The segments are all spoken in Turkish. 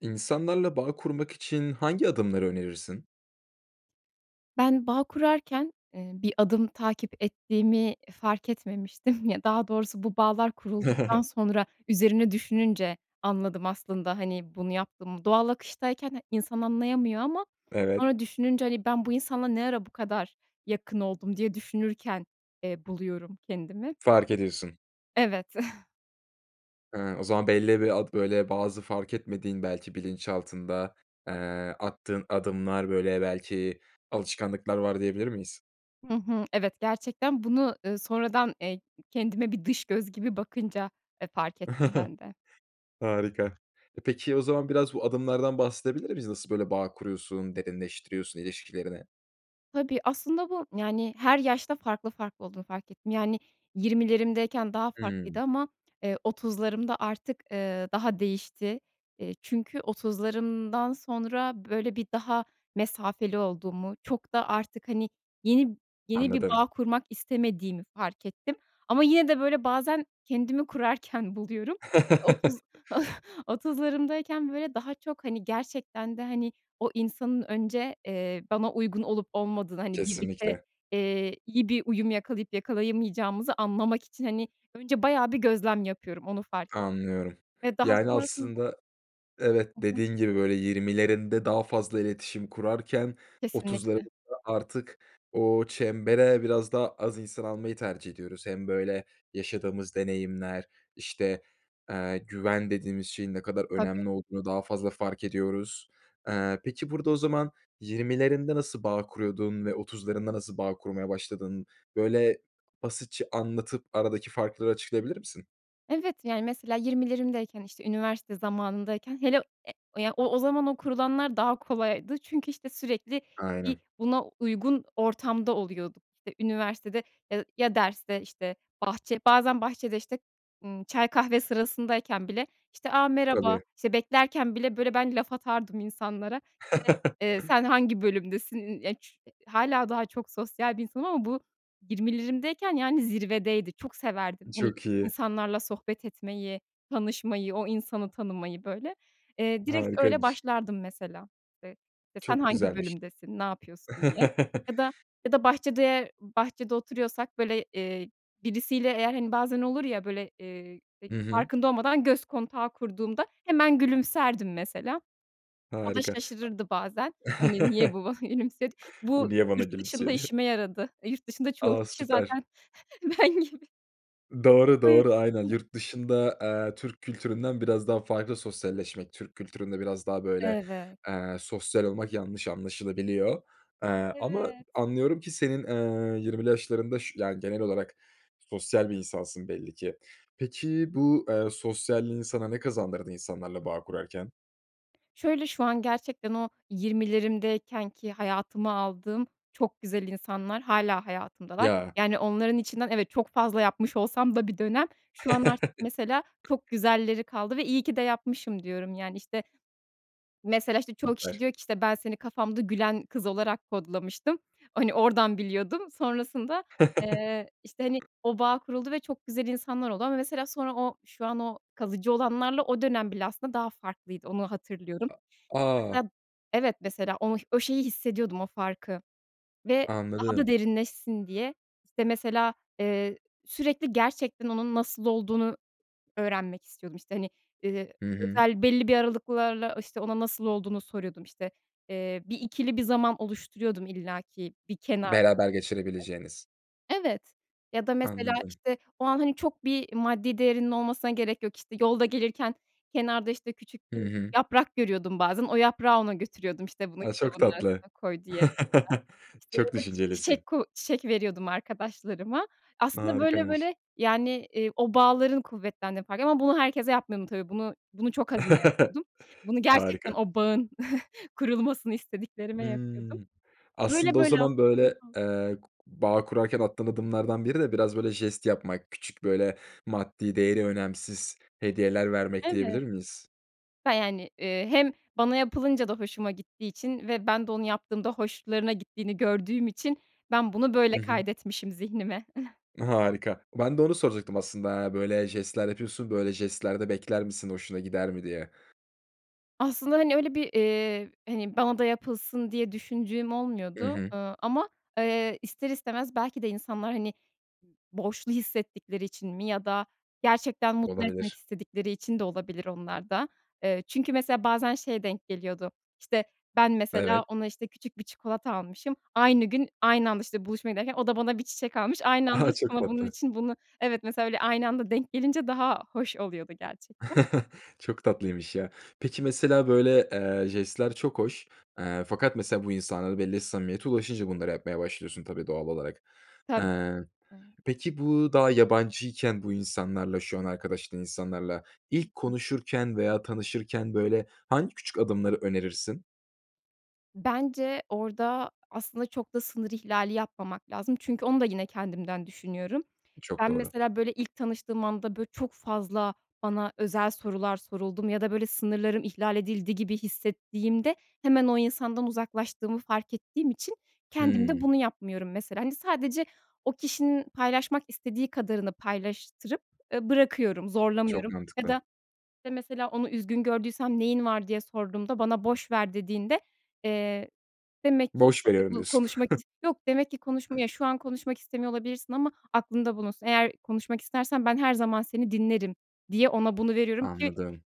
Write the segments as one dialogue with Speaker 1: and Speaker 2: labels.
Speaker 1: İnsanlarla bağ kurmak için hangi adımları önerirsin?
Speaker 2: Ben bağ kurarken, eee, bir adım takip ettiğimi fark etmemiştim. Ya, daha doğrusu bu bağlar kurulduktan sonra üzerine düşününce anladım aslında, hani, bunu yaptığımı. Doğal akıştayken ha insan anlayamıyor ama
Speaker 1: Evet.
Speaker 2: sonra düşününce, hani, ben bu insanla ne ara bu kadar yakın oldum diye düşünürken, eee, buluyorum kendimi.
Speaker 1: Fark ediyorsun.
Speaker 2: Evet.
Speaker 1: Hıı. O zaman belli bir ad böyle, bazı fark etmediğin, belki bilinçaltında, eee, attığın adımlar, böyle, belki alışkanlıklar var, diyebilir miyiz?
Speaker 2: Hı hı, evet, gerçekten bunu, ııı, sonradan, eee, ı kendime bir dış göz gibi bakınca, eee, fark ettim ben de.
Speaker 1: Harika. E, peki o zaman biraz bu adımlardan bahsedebilir miyiz? Nasıl, böyle, bağ kuruyorsun, derinleştiriyorsun ilişkilerini?
Speaker 2: Tabii, aslında bu, yani, her yaşta farklı farklı olduğunu fark ettim, yani, 20'lerimdeyken daha farklıydı
Speaker 1: Hımm.
Speaker 2: ama, eee, 30'larımda artık, eee, daha değişti, eee, çünkü 30'larımdan sonra, böyle, bir daha mesafeli olduğumu, çok da artık, hani, yeni yeni bir
Speaker 1: Anladım.
Speaker 2: bağ kurmak istemediğimi fark ettim. Ama yine de, böyle, bazen kendimi kurarken buluyorum. 30 30'larımdayken böyle, daha çok, hani, gerçekten de, hani, o insanın önce, eee, bana uygun olup olmadığını, hani, birlikte,
Speaker 1: Kesinlikle.
Speaker 2: eee, iyi bir uyum yakalayıp yakalayamayacağımızı anlamak için, hani, önce bayağı bir gözlem yapıyorum, onu fark ettim
Speaker 1: Anlıyorum,
Speaker 2: ve daha
Speaker 1: yani,
Speaker 2: sonrasında
Speaker 1: aslında, evet,
Speaker 2: Hı hı.
Speaker 1: dediğin gibi, böyle, 20'lerinde daha fazla iletişim kurarken
Speaker 2: Kesinlikle.
Speaker 1: 30'larımızda artık o çembere biraz daha az insan almayı tercih ediyoruz. Hem, böyle, yaşadığımız deneyimler, işte, eee, güven dediğimiz şeyin ne kadar
Speaker 2: Tabii.
Speaker 1: önemli olduğunu daha fazla fark ediyoruz. Eee, peki, burada o zaman 20'lerinde nasıl bağ kuruyordun ve 30'larında nasıl bağ kurmaya başladın? Böyle, basitçe anlatıp, aradaki farkları açıklayabilir misin?
Speaker 2: Evet, yani, mesela, 20'lerimdeyken işte, üniversite zamanındayken, hele, e ya, o o zaman o kurulanlar daha kolaydı çünkü, işte, sürekli bir
Speaker 1: Aynen.
Speaker 2: buna uygun ortamda oluyorduk. İşte, üniversitede, ya ya derste, işte, bahçe, bazen bahçede, işte, ımm, çay kahve sırasındayken bile, işte, a, merhaba,
Speaker 1: Tabii.
Speaker 2: işte, beklerken bile, böyle, ben laf atardım insanlara, [unintelligible] eee, sen hangi bölümdesin, ııı, ya ç hâlâ daha çok sosyal bir insanım ama bu, 20'lerimdeyken yani, zirvedeydi, çok severdim, hani,
Speaker 1: Çok iyi.
Speaker 2: insanlarla sohbet etmeyi, tanışmayı, o insanı tanımayı, böyle. Eee, direkt öyle
Speaker 1: Harikaymış.
Speaker 2: başlardım, mesela, eee, işte, sen
Speaker 1: Çok
Speaker 2: hangi
Speaker 1: güzelmiş.
Speaker 2: bölümdesin, ne yapıyorsun diye ya da ya da bahçede bahçede oturuyorsak, böyle, eee, birisiyle eğer, hani, bazen olur ya, böyle, eee, ya
Speaker 1: Hı hı.
Speaker 2: farkında olmadan göz kontağı kurduğumda hemen gülümserdim, mesela, o da
Speaker 1: Harika.
Speaker 2: şaşırırdı bazen,
Speaker 1: A
Speaker 2: hani, niye bu bana gülümsedi?
Speaker 1: bu
Speaker 2: Bu
Speaker 1: niye bana
Speaker 2: yurt dışında
Speaker 1: gülümsüyor, diye.
Speaker 2: işime yaradı. E, yurt dışında çoğu
Speaker 1: A.
Speaker 2: kişi
Speaker 1: Süper.
Speaker 2: zaten ben gibi.
Speaker 1: Doğru, doğru, aynen,
Speaker 2: [unintelligible]
Speaker 1: yurt dışında, eee, Türk kültüründen biraz daha farklı sosyalleşmek. Türk kültüründe biraz daha, böyle,
Speaker 2: Evet.
Speaker 1: eee, sosyal olmak yanlış anlaşılabiliyor, eee, ama
Speaker 2: Evet.
Speaker 1: anlıyorum ki senin, ııı, 20'li yaşlarında, ş yani, genel olarak sosyal bir insansın, belli ki. Peki, bu, ııı, sosyalliğin sana ne kazandırdı insanlarla bağ kurarken?
Speaker 2: Şöyle, şu an gerçekten o 20’lerimdeykenki hayatıma aldığım çok güzel insanlar hâlâ hayatımdalar,
Speaker 1: Ya.
Speaker 2: yani, onların içinden, evet, çok fazla yapmış olsam da bir dönem, şu an artık, mesela, çok güzelleri kaldı ve iyi ki de yapmışım diyorum, yani, işte. Mesela, işte, çoğu kişi
Speaker 1: Süper.
Speaker 2: diyor ki, işte, ben seni kafamda gülen kız olarak kodlamıştım, hani, oradan biliyordum. Sonrasında, eee, işte, hani, o bağ kuruldu ve çok güzel insanlar oldu ama, mesela, sonra o şu an o kalıcı olanlarla o dönem bile, aslında, daha farklıydı, onu hatırlıyorum.
Speaker 1: A
Speaker 2: İşte,
Speaker 1: a!
Speaker 2: mesela, evet, mesela, onu o şeyi hissediyordum, o farkı ve daha da
Speaker 1: Anladım.
Speaker 2: derinleşsin diye, işte, mesela, eee, sürekli gerçekten onun nasıl olduğunu öğrenmek istiyordum. İşte, hani, ııı,
Speaker 1: Hı hı.
Speaker 2: özel belli bir aralıklarla, işte, ona nasıl olduğunu soruyordum, işte, ııı, bir ikili bir zaman oluşturuyordum illa ki bir kenar [unintelligible]
Speaker 1: Beraber geçirebileceğiniz.
Speaker 2: Evet, ya da, mesela,
Speaker 1: Anladım.
Speaker 2: işte, o an, hani, çok bir maddi değerinin olmasına gerek yok, işte, yolda gelirken kenarda, işte, küçük
Speaker 1: Hı
Speaker 2: bir
Speaker 1: hı.
Speaker 2: yaprak görüyordum bazen, o yaprağı ona götürüyordum, işte, bunu
Speaker 1: A, çok
Speaker 2: kitabının
Speaker 1: tatlı,
Speaker 2: arasına koy, diyerek, mesela, işte, ya
Speaker 1: çok
Speaker 2: da
Speaker 1: düşüncelisin.
Speaker 2: çiçek ko çiçek veriyordum arkadaşlarıma, aslında, böyle
Speaker 1: Harikaymış.
Speaker 2: böyle, yani, ııı, o bağların kuvvet [unintelligible] ama bunu herkese yapmıyordum, tabii, bunu bunu çok azına yapıyordum. Bunu gerçekten
Speaker 1: Harika.
Speaker 2: o bağın kurulmasını istediklerime yapıyordum.
Speaker 1: Hımm.
Speaker 2: Böyle
Speaker 1: Aslında, o
Speaker 2: böyle,
Speaker 1: zaman,
Speaker 2: aslında.
Speaker 1: böyle,
Speaker 2: [unintelligible]
Speaker 1: ııı, ku bağ kurarken attığın adımlardan biri de biraz, böyle, jest yapmak, küçük, böyle, maddi değeri önemsiz hediyeler vermek,
Speaker 2: Evet.
Speaker 1: diyebilir miyiz?
Speaker 2: [unintelligible] Yani, eee, hem bana yapılınca da hoşuma gittiği için ve ben de onu yaptığımda hoşlarına gittiğini gördüğüm için ben bunu,
Speaker 1: Hı
Speaker 2: böyle,
Speaker 1: hı.
Speaker 2: kaydetmişim zihnime.
Speaker 1: Harika, ben de onu soracaktım, aslında, ya, böyle jestler yapıyorsun, böyle jestler de bekler misin, hoşuna gider mi, diye.
Speaker 2: Aslında, hani, öyle bir, eee, hani, bana da yapılsın diye düşündüğüm
Speaker 1: Hı
Speaker 2: olmuyordu.
Speaker 1: hı.
Speaker 2: Eee, ama, eee, ister istemez belki de insanlar, hani, borçlu hissettikleri için mi ya da gerçekten mutlu etmek
Speaker 1: Olabilir.
Speaker 2: istedikleri için de olabilir onlar da. Eee, çünkü mesela bazen şeye denk geliyordu, işte ben mesela
Speaker 1: Evet.
Speaker 2: ona, işte, küçük bir çikolata almışım, aynı gün, aynı anda, işte, buluşmaya giderken o da bana bir çiçek almış, aynı anda
Speaker 1: Ah, çok
Speaker 2: sonra bunun
Speaker 1: tatlı.
Speaker 2: için bunu evet, mesela öyle aynı anda denk gelince daha hoş oluyordu gerçekten.
Speaker 1: Çok tatlıymış, ya. Peki, mesela, böyle, eee, jestler çok hoş, eee, fakat, mesela, bu insanlara belli bir samimiyete ulaşınca bunları yapmaya başlıyorsun tabii, doğal olarak.
Speaker 2: Tabii.
Speaker 1: Eee,
Speaker 2: [unintelligible]
Speaker 1: peki, bu daha yabancıyken bu insanlarla, şu an arkadaşlığın, insanlarla
Speaker 2: Hı
Speaker 1: ilk
Speaker 2: hı.
Speaker 1: konuşurken veya tanışırken, böyle, hangi küçük adımları önerirsin?
Speaker 2: Bence, orada aslında çok da sınır ihlali yapmamak lazım çünkü onu da yine kendimden düşünüyorum.
Speaker 1: Çok
Speaker 2: Ben,
Speaker 1: doğru.
Speaker 2: mesela, böyle, ilk tanıştığım anda, böyle, çok fazla bana özel sorular soruldu mu ya da böyle, sınırlarım ihlal edildi gibi hissettiğimde hemen o insandan uzaklaştığımı fark ettiğim için kendim de
Speaker 1: Hımm.
Speaker 2: bunu yapmıyorum mesela. Hani, sadece o kişinin paylaşmak istediği kadarını paylaştırıp, eee, bırakıyorum,
Speaker 1: Çok
Speaker 2: zorlamıyorum ya
Speaker 1: mantıklı.
Speaker 2: da, işte, mesela, onu üzgün gördüysem, “Neyin var?” diye sorduğumda bana, “Boş ver.” dediğinde, eee, demek ki,
Speaker 1: Boş
Speaker 2: işte,
Speaker 1: veriyorum,
Speaker 2: bu,
Speaker 1: diyorsun.
Speaker 2: konuşmak is yok, demek ki konuşmaya "Şu an konuşmak istemiyor olabilirsin ama aklında bulunsun: Eğer konuşmak istersen ben her zaman seni dinlerim." diye ona bunu veririm ki
Speaker 1: Anladım.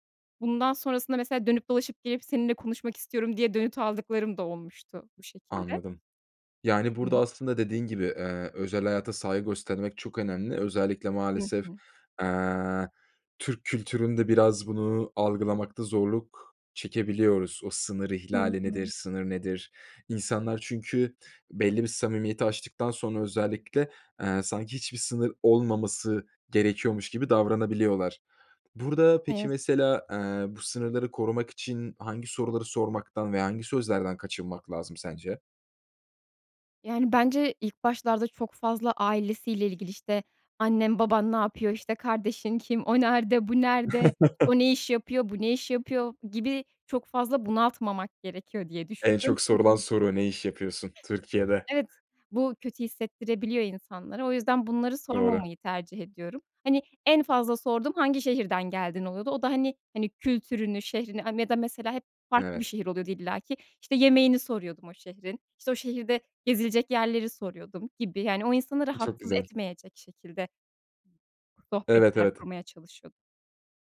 Speaker 2: bundan sonrasında mesela dönüp dolaşıp, gelip, “Seninle konuşmak istiyorum.” diye dönüt aldıklarım da olmuştu bu şekilde
Speaker 1: Anladım. Yani, burada
Speaker 2: Hı.
Speaker 1: aslında dediğin gibi, eee, özel hayata saygı göstermek çok önemli. Özellikle
Speaker 2: Hı
Speaker 1: maalesef,
Speaker 2: hı.
Speaker 1: eee, Türk kültüründe biraz bunu algılamakta zorluk çekebiliyoruz. O sınır
Speaker 2: Hı
Speaker 1: ihlali nedir,
Speaker 2: hı.
Speaker 1: sınır nedir? İnsanlar çünkü belli bir samimiyeti aştıktan sonra, özellikle, eee, sanki hiçbir sınır olmaması gerekiyormuş gibi davranabiliyorlar. Burada,
Speaker 2: Ne
Speaker 1: peki,
Speaker 2: yazık
Speaker 1: mesela, eee, bu sınırları korumak için hangi soruları sormaktan ve hangi sözlerden kaçınmak lazım sence?
Speaker 2: Yani bence ilk başlarda çok fazla ailesiyle ilgili, işte, annen, baban ne yapıyor? İşte, kardeşin kim? O nerde? Bu nerde? O ne iş yapıyor? Bu ne iş yapıyor? Gibi çok fazla bunaltmamak gerekiyor diye
Speaker 1: En
Speaker 2: düşünüyorum
Speaker 1: çok
Speaker 2: çünkü
Speaker 1: sorulan soru, "Ne iş yapıyorsun?" Türkiye'de.
Speaker 2: Evet, bu kötü hissettirebiliyor insanlara. O yüzden bunları
Speaker 1: Doğru.
Speaker 2: sormamayı tercih ediyorum. Hani en fazla sorduğum hangi şehirden geldin oluyordu. O da hani hani, kültürünü, şehrini, aaa, ya da mesela hep farklı bir
Speaker 1: Evet.
Speaker 2: şehir oluyordu illa ki. İşte, yemeğini soruyordum o şehrin, işte, o şehirde gezilecek yerleri soruyordum gibi yani o insanı
Speaker 1: Çok
Speaker 2: rahatsız
Speaker 1: güzel.
Speaker 2: etmeyecek şekilde
Speaker 1: Evet,
Speaker 2: ...sohbetler
Speaker 1: evet.
Speaker 2: kurmaya çalışıyordum.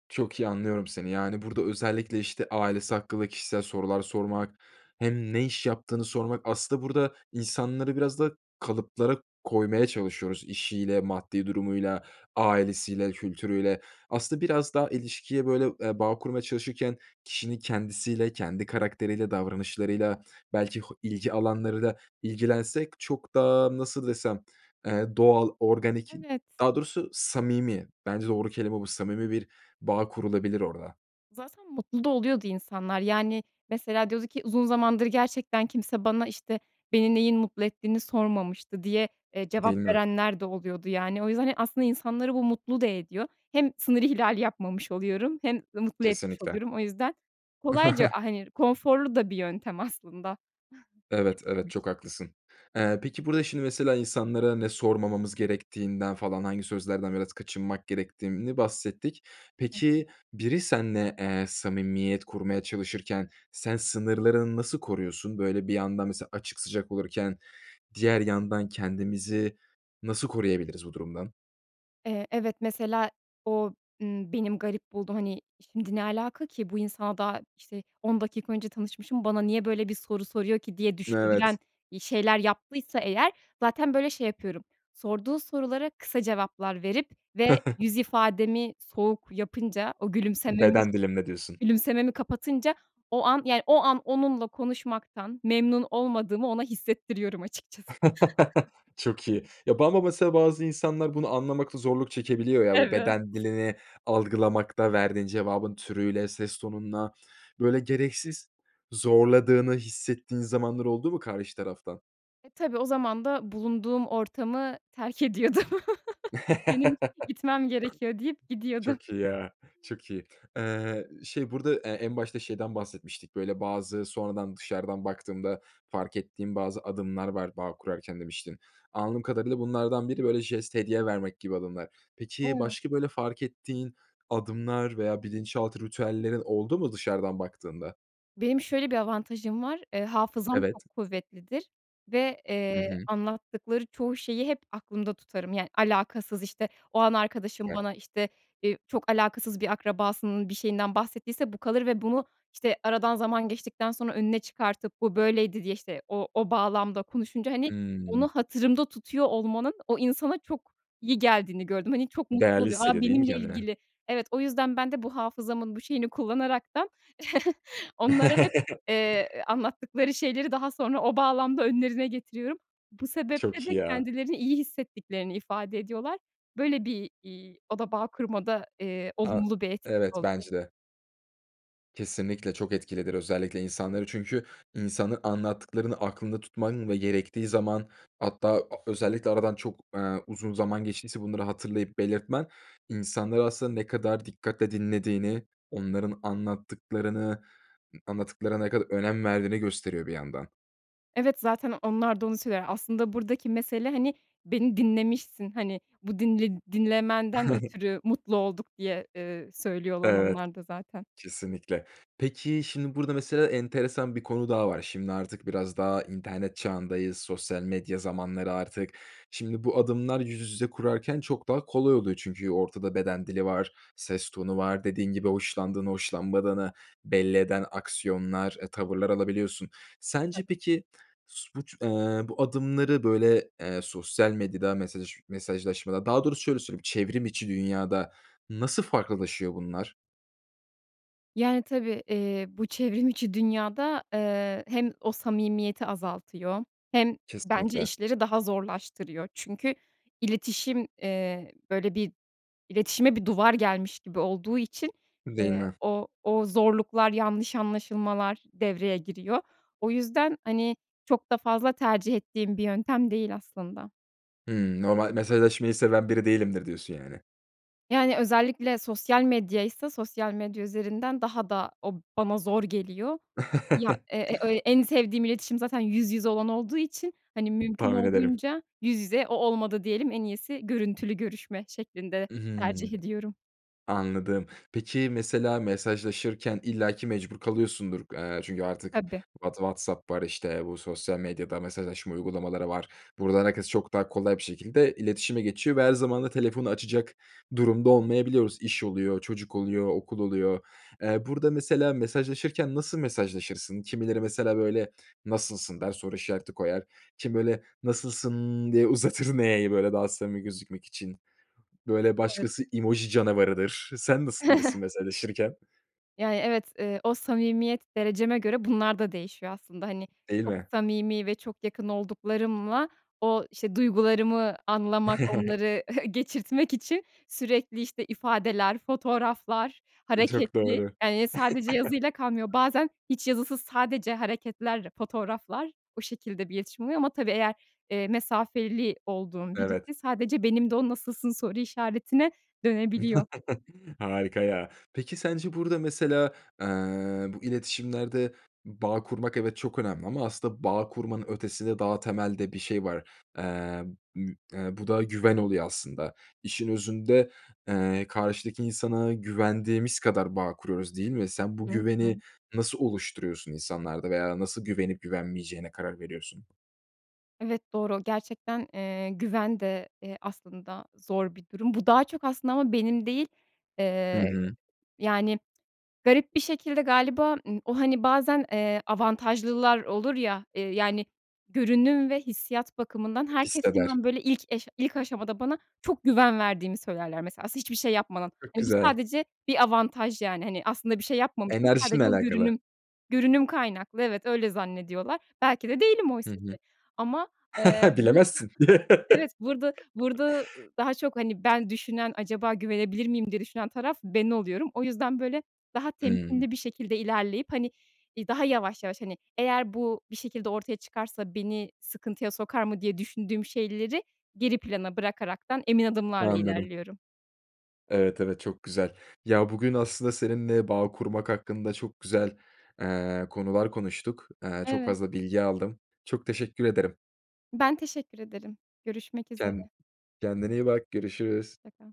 Speaker 1: Çok iyi anlıyorum seni, yani, burada özellikle, işte, ailesi hakkında kişisel sorular sormak, hem ne iş yaptığını sormak. Aslında burada insanları biraz da kalıplara koymaya çalışıyoruz. İşiyle, maddi durumuyla, ailesiyle, kültürüyle. Aslında biraz daha ilişkiye böyle, eee, bağ kurmaya çalışırken kişinin kendisiyle, kendi karakteriyle, davranışlarıyla belki ho ilgi alanlarıyla ilgilensek çok da nasıl desem, eee, doğal, organik,
Speaker 2: Evet.
Speaker 1: daha doğrusu samimi, bence doğru kelime bu samimi bir bağ kurulabilir orada.
Speaker 2: Zaten mutlu da oluyordu insanlar, yani, mesela diyordu ki uzun zamandır gerçekten kimse bana, işte, beni neyin mutlu ettiğini sormamıştı diye, eee,
Speaker 1: Değil
Speaker 2: cevap
Speaker 1: mi?
Speaker 2: verenler de oluyordu, yani. O yüzden, hani, aslında insanları bu mutlu da ediyor. Hem sınır ihlali yapmamış oluyorum hem mutlu etmiş
Speaker 1: Kesinlikle.
Speaker 2: oluyorum. O yüzden kolayca, hani, konforlu da bir yöntem aslında.
Speaker 1: Evet,
Speaker 2: İletişim
Speaker 1: evet
Speaker 2: için.
Speaker 1: çok haklısın. Eee, peki burada, şimdi, mesela insanlara ne sormamamız gerektiğinden falan, hangi sözlerden biraz kaçınmak gerektiğini bahsettik.
Speaker 2: Hı hı.
Speaker 1: Peki biri seninle, eee, samimiyet kurmaya çalışırken sen sınırlarını nasıl koruyorsun? Böyle bir yandan mesela açık, sıcak olurken diğer yandan kendimizi nasıl koruyabiliriz bu durumdan?
Speaker 2: Eee, evet. Mesela, o, ımm, benim garip bulduğum, hani, şimdi, "Ne alaka ki? Bu insana daha, işte, 10 dakika önce tanışmışım, bana niye böyle bir soru soruyor ki?" diye
Speaker 1: Evet.
Speaker 2: düşündüren, iii, şeyler yaptıysa eğer zaten böyle, şey yapıyorum; sorduğu sorulara kısa cevaplar verip ve yüz ifademi soğuk yapınca, o gülümsememi
Speaker 1: Beden dilimle, diyorsun.
Speaker 2: gülümsememi kapatınca, o an, yani, o an onunla konuşmaktan memnun olmadığımı ona hissettiriyorum açıkçası.
Speaker 1: Çok iyi. Ya, bu ama mesela bazı insanlar bunu anlamakta zorluk çekebiliyor ya, bu
Speaker 2: Evet.
Speaker 1: beden dilini algılamakta, verdiğin cevabın türüyle, ses tonunla, böyle, gereksiz zorladığını hissettiğin zamanlar oldu mu karşı taraftan?
Speaker 2: E, tabii. O zaman da bulunduğum ortamı terk ediyordum. “Benim gitmem gerekiyor.” deyip gidiyordu
Speaker 1: Çok iyi, ya, çok iyi. Eee, şey, burada, eee, en başta şeyden bahsetmiştik. Böyle, bazı sonradan, dışarıdan baktığımda fark ettiğim bazı adımlar var, bağ kurarken, demiştin. Anladığım kadarıyla, bunlardan biri, böyle, jest, hediye vermek gibi adımlar. Peki,
Speaker 2: [unintelligible]
Speaker 1: başka, böyle, fark ettiğin adımlar veya bilinçaltı ritüellerin oldu mu dışarıdan baktığında?
Speaker 2: Benim şöyle bir avantajım var, ııı, hafızam
Speaker 1: Evet.
Speaker 2: çok kuvvetlidir ve,
Speaker 1: Hı
Speaker 2: eee,
Speaker 1: hı.
Speaker 2: anlattıkları çoğu şeyi hep aklımda tutarım. Yani, alakasız, işte, o an arkadaşım
Speaker 1: Süper.
Speaker 2: bana, işte, iii, çok alakasız bir akrabasının bir şeyinden bahsettiyse bu kalır ve bunu, işte, aradan zaman geçtikten sonra önüne çıkartıp "Bu böyleydi." diye, işte, o o bağlamda konuşunca, hani, onu
Speaker 1: Hımm.
Speaker 2: hatırımda tutuyor olmanın o insana çok iyi geldiğini gördüm. Hani, çok mutlu
Speaker 1: Değerli
Speaker 2: oluyor, "A,
Speaker 1: hissediyor, değil mi,
Speaker 2: benimle
Speaker 1: kendini?
Speaker 2: ilgili." Evet, o yüzden ben de bu hafızamın bu şeyini kullanaraktan onlara hep, eee, ııı, anlattıkları şeyleri daha sonra o bağlamda önlerine getiriyorum. Bu sebeple
Speaker 1: Çok iyi
Speaker 2: de
Speaker 1: ya.
Speaker 2: kendilerini iyi hissettiklerini ifade ediyorlar. Böyle bir, iii, o da bağ kurmada, eee,
Speaker 1: A,
Speaker 2: olumlu bir etkisi
Speaker 1: evet,
Speaker 2: oluyor.
Speaker 1: bence de. Kesinlikle, çok etkilidir özellikle insanları Çünkü insanı, anlattıklarını aklında tutman ve gerektiği zaman, hatta a özellikle aradan çok, eee, uzun zaman geçtiyse bunları hatırlayıp belirtmen insanları aslında ne kadar dikkatle dinlediğini, onların anlattıklarını anlattıklarına ne kadar önem verdiğini gösteriyor bir yandan.
Speaker 2: Evet. Zaten onlar da onu söyler. Aslında buradaki mesele, hani, beni dinlemişsin. Hani, bu dinle dinlemenden ötürü mutlu olduk diye, eee, söylüyorlar
Speaker 1: Evet.
Speaker 2: onlar da zaten.
Speaker 1: Kesinlikle. Peki, şimdi burada, mesela, enteresan bir konu daha var. Şimdi artık biraz daha internet çağındayız. Sosyal medya zamanları artık. Şimdi, bu adımlar yüz yüze kurarken çok daha kolay oluyor. Çünkü ortada beden dili var, ses tonu var, dediğin gibi hoşlandığını, hoşlanmadığını belli eden aksiyonlar, eee, tavırlar alabiliyorsun. Sence,
Speaker 2: Tabii.
Speaker 1: peki, su buç eee, bu adımları, böyle, eee, sosyal medyada, mesajı mesajlaşmada, daha doğrusu şöyle söyleyeyim, çevrim içi dünyada nasıl farklılaşıyor bunlar?
Speaker 2: Yani, tabii, eee, bu çevrim içi dünyada, eee, hem o samimiyeti azaltıyor hem, bence,
Speaker 1: Kesinlikle.
Speaker 2: işleri daha zorlaştırıyor. Çünkü iletişim, eee, böyle, bir iletişime bir duvar gelmiş gibi olduğu için,
Speaker 1: Değil
Speaker 2: eee,
Speaker 1: mi?
Speaker 2: o o zorluklar, yanlış anlaşılmalar devreye giriyor. O yüzden, hani, çok da fazla tercih ettiğim bir yöntem değil, aslında.
Speaker 1: Hımm, normal mesajlaşmayı seven biri değilimdir, diyorsun yani.
Speaker 2: Yani, özellikle sosyal medyaysa sosyal medya üzerinden daha da o bana zor geliyor. Ya, e e en sevdiğim iletişim zaten yüz yüze olan olduğu için, hani, mümkün
Speaker 1: Tahmin ederim.
Speaker 2: olduğunca yüz yüze, o olmadı diyelim: "En iyisi görüntülü görüşme." şeklinde
Speaker 1: I hı.
Speaker 2: tercih ediyorum.
Speaker 1: Anladım. Peki, mesela mesajlaşırken illaki mecbur kalıyorsundur, eee, çünkü artık
Speaker 2: Tabii.
Speaker 1: What WhatsApp var, işte, bu, sosyal medyada mesajlaşma uygulamaları var. Buradan herkes çok daha kolay bir şekilde iletişime geçiyor ve her zaman da telefonu açacak durumda olmayabiliyoruz. İş oluyor, çocuk oluyor, okul oluyor, eee, burada mesela mesajlaşırken nasıl mesajlaşırsın? Kimileri mesela, böyle, "Nasılsın?" der, soru işareti koyar, kimi böyle, nasılsın diye uzatır n'yi böyle, daha samimi gözükmek için. Böyle,
Speaker 2: Evet.
Speaker 1: başkası emoji canavarıdır. Sen nasıl birisin mesajlaşırken?
Speaker 2: Yani, evet, ııı, o samimiyet dereceme göre bunlar da değişiyor aslında. Hani,
Speaker 1: Değil
Speaker 2: çok
Speaker 1: mi?
Speaker 2: samimi ve çok yakın olduklarımla o, işte, duygularımı anlamak, onları geçirtmek için sürekli, işte, ifadeler, fotoğraflar,
Speaker 1: Eee, çok
Speaker 2: hareketli,
Speaker 1: doğru.
Speaker 2: eee, sadece yazıyla kalmıyor. Bazen hiç yazısız, sadece hareketler, fotoğraflar, o şekilde bir iletişim oluyor ama, tabii, eğer, eee, mesafeli olduğum
Speaker 1: Evet.
Speaker 2: biriyse sadece benim de o, "Nasılsın?" soru işaretine dönebiliyor.
Speaker 1: Harika ya, peki, sence burada, mesela, ııı, bu iletişimlerde bağ kurmak, evet, çok önemli ama aslında bağ kurmanın ötesinde daha temelde bir şey var: Eee, mü eee, bu da güven oluyor aslında. İşin özünde, eee, karşıdaki insana güvendiğimiz kadar bağ kuruyoruz, değil mi? Sen bu
Speaker 2: Hı
Speaker 1: güveni
Speaker 2: hı.
Speaker 1: nasıl oluşturuyorsun insanlarda veya nasıl güvenip güvenmeyeceğine karar veriyorsun?
Speaker 2: Evet, doğru. Gerçekten, eee, güven de, eee, aslında zor bir durum. Bu daha çok, aslında, ama benim değil,
Speaker 1: Hı
Speaker 2: eee,
Speaker 1: hı.
Speaker 2: yani, garip bir şekilde galiba, ııı, o, hani, bazen, eee, avantajlılar olur ya, ııı, yani, görünüm ve hissiyat bakımından herkes
Speaker 1: Hisseder.
Speaker 2: hemen, böyle, ilk eş ilk aşamada bana çok güven verdiğimi söylerler mesela s hiçbir şey yapmadan.
Speaker 1: Çok
Speaker 2: Hani, bu
Speaker 1: güzel.
Speaker 2: sadece bir avantaj yani. Hani, aslında bir şey yapmamışım ama
Speaker 1: Enerjinle
Speaker 2: sadece o
Speaker 1: alakalı.
Speaker 2: görünüm görünüm kaynaklı evet, öyle zannediyorlar. Belki de değilim
Speaker 1: Hı
Speaker 2: oysa ki
Speaker 1: hı.
Speaker 2: ama, eee, bu,
Speaker 1: Bilemezsin.
Speaker 2: evet, burada burada daha çok, hani, ben düşünen, "Acaba güvenebilir miyim?" diye düşünen taraf ben oluyorum. O yüzden böyle, daha
Speaker 1: Hımm.
Speaker 2: temkinli bir şekilde ilerleyip, hani, iii, daha yavaş yavaş, hani, "Eğer bu bir şekilde ortaya çıkarsa beni sıkıntıya sokar mı?" diye düşündüğüm şeyleri geri plana bırakaraktan emin adımlarla
Speaker 1: Anladım.
Speaker 2: ilerliyorum.
Speaker 1: Evet, evet. Çok güzel. Ya, bugün aslında seninle bağ kurmak hakkında çok güzel, eee, konular konuştuk. Eee, çok
Speaker 2: Evet.
Speaker 1: fazla bilgi aldım. Çok teşekkür ederim.
Speaker 2: Ben teşekkür ederim. Görüşmek
Speaker 1: Ken
Speaker 2: üzere.
Speaker 1: kendine iyi bak. Görüşürüz.
Speaker 2: Hoş çakal.